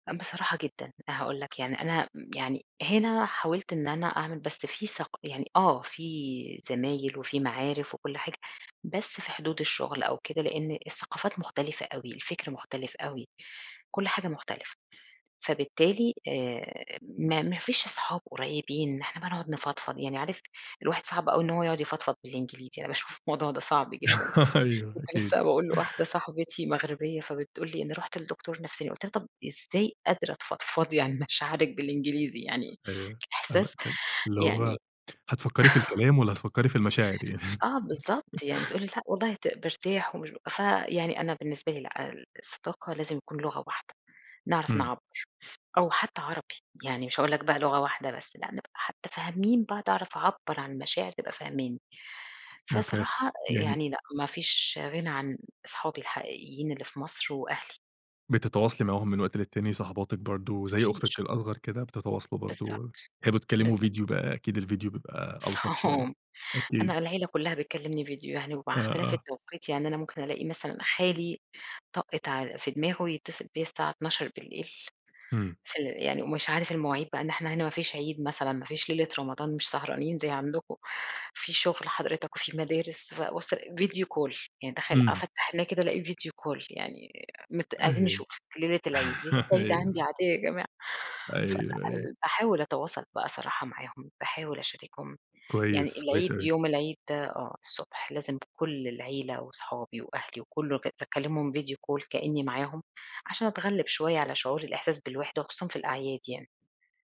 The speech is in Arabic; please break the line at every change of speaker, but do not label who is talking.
أ بصراحة جدًا، أنا هاقول لك يعني أنا امم، يعني هنا حاولت إن أنا أعمل بس في ثق يعني آه، في زمايل وفي معارف وكل حاجة، بس في حدود الشغل أو كده، لإن الثقافات مختلفة أوي، الفكر مختلف أوي، كل حاجة مختلفة، فبالتالي آآ، ما ما فيش صحاب قريبين إن إحنا بقى نقعد نفضفض، يعني عارف الواحد صعب أوي إن هو يقعد يفضفض بالإنجليزي، أنا باشوف الموضوع ده صعب جدًا،
أيوه،
كنت
أكيد.
لسه باقول لواحدة صاحبتي مغربية، فبتقول لي: "أنا رُحت لدكتور نفساني." قُلت لها: "طَب إزاي قادرة تفضفضي عن مشاعرك بالإنجليزي؟" يعني
أيوه، أنا
إحساس
أنا اللي هو
يعني
هتفكرّي في الكلام، والَّا هتفكرّي في المشاعر يعني؟
آه، بالضبط يعني تقول لي: "لأ والله ت بارتاح ومش بابقى" ف يعني أنا بالنسبة لأ، الصداقة لازم يكون لغة واحدة، نعرف
إمم.
نعبّر، أو حتى عربي، يعني مش هاقول لك بقى لغة واحدة بس، نبقى حتى فاهمين بعض أعرف أعبّر عن المشاعر، تبقى فاهماني،
أوكي،
فصراحة آآ،
يعني
يعني لأ مافيش غنى عن أصحابي الحقيقيين اللي في مصر وأهلي.
بتتواصلي معاهم من وقت للتاني صاحباتك برضه، زي أختك
كتير.
الأصغر كده، بتتواصلوا برضه
بالضبط،
بتحبوا تكلموا فيديو
بالضبط.
بقى أكيد الفيديو بيبقى ألطف شوية،
[unintelligible]
أكيد.
أنا العيلة كُلّها بتكلّمني فيديو يعني ومع
آه،
اختلاف
آه.
التوقيت، يعني أنا ممكن ألاقي مثلًا خالي طقِّت ع في دماغه يتصّل بيّا الساعة 00:00
إمم.
فال يعني ومش عارف المواعيد بقى إن إحنا هنا ما فيش عيد مثلًا، ما فيش ليلة رمضان مش سهرانين زي عندكم، في شغل حضرتك وفي مدارس، فأبُصّ ألاقي video call يعني تخيل
إمم.
أفتَّح عينيّا كده ألاقي video call يعني آآ، مت "عايزين
أيوه،
نشوفِك ليلة العيد." ليلة العيد عندي
أيوه.
عادية يا جماعة! فلأ،
أيوه، أيوه.
ل باحاول أتواصل بقى صراحة معاهم، باحاول أشاركهم، يعني
كويس، كويس
العيد،
أوي.
يوم العيد آه، الصبح لازم كُلّ العيلة وصحابي وأهلي وكلُّه، أكز أكلِّمهم video call كأني معاهم، عشان أتغلِّب شوية على شعور الإحساس بالوحدة، وخصوصًا في الأعياد يعني.